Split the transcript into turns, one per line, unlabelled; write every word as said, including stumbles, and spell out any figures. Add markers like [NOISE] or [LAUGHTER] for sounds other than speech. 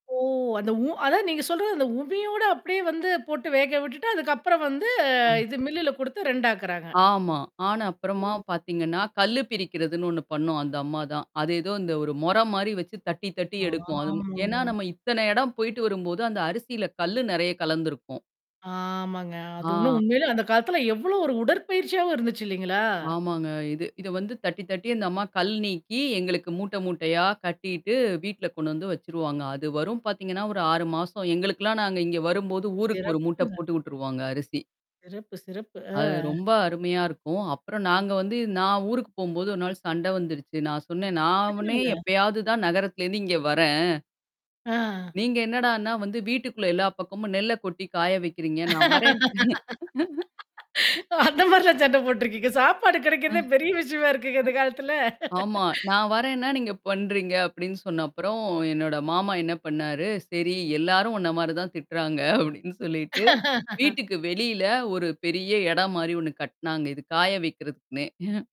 ஓ அந்த உ அதான் நீங்க சொல்றது. அந்த உமியோட அப்படியே வந்து போட்டு வேக விட்டுட்டு, அதுக்கப்புறம் வந்து
ம்.
இது மில்லுல குடுத்து ரெடி ஆக்குறாங்க.
ஆமா. ஆனா அப்புறமா
ம்.
பார்த்தீங்கன்னா கல்லு பிரிக்கிறதுன்னு ஒண்ணு பண்ணும். அந்த அம்மா தான். அது ஏதோ இந்த ஒரு மொறம் மாரி வச்சு தட்டி தட்டி எடுக்கும். அது ஏன்னா
ஆமாங்க
நம்ம இத்தன இடம் போயிட்டு வரும்போது அந்த அரிசியில கல்லு நெறைய கலந்திருக்கும்.
ஆமாங்க. அது இன்னும்
ஆ.
உண்மையில அந்த காலத்துல எவ்வளோ ஒரு உடற்பயிற்சியாவும் இருந்துச்சு, இல்லைங்களா?
ஆமாங்க இது இத வந்து தட்டி தட்டித்தான் அந்த அம்மா கல் நீக்கி எங்களுக்கு மூட்டை மூட்டையா கட்டிட்டு வீட்ல கொண்டு வந்து வச்சுருவாங்க. அது வரும் பார்த்தீங்கன்னா ஆறு மாசம் வரும். எங்களுக்கெல்லாம் நாங்க இங்கே வரும்போது ஊருக்கு ஒரு மூட்ட
சிறப்புங்க.
போட்டு விட்ருவாங்க அரிசி.
சிறப்பு, சிறப்பு.
ஆமா.
ஆ.
அது ரொம்ப அருமையா இருக்கும். அப்புறம் நாங்க வந்து, நான் ஊருக்கு போகும்போது ஒரு நாள் சண்டை வந்துருச்சு. நான் சொன்னேன், "நானே
எதனால?
எப்பயாவது தான் நகரத்திலிருந்து இங்கே வர்றேன்."
ஆ.
நீங்க என்னடான்னா வந்து வீட்டுக்குள்ள எல்லா பக்கமும் நெல்ல கொட்டி காய வைக்கிறீங்க. நான் வர்றேன்ட்டே [CHUCKLES]
அந்த மாரிலாம் சண்டை போட்டுருக்கீங்க. சாப்பாடு
அ.
கெடைக்கிறதே பெரிய விஷயமா இருக்குங்க இந்தக் காலத்துல.
ஆமா. நான் வர்றேன்னா நீங்க பண்றீங்க அப்டின்னு சொன்னப்புறம் என்னோட மாமா என்ன பண்ணாரு. சரி, எல்லாரும் உண்ண மாரி தான் திட்டுறாங்க அப்படின்னு சொல்லிட்டு,
[LAUGHS]
வீட்டுக்கு வெளியில ஒரு பெரிய எடம் மாரி ஒண்ணு கட்டுனாங்க. இது காய வைக்கிறதுக்குன்னே. [CHUCKLES]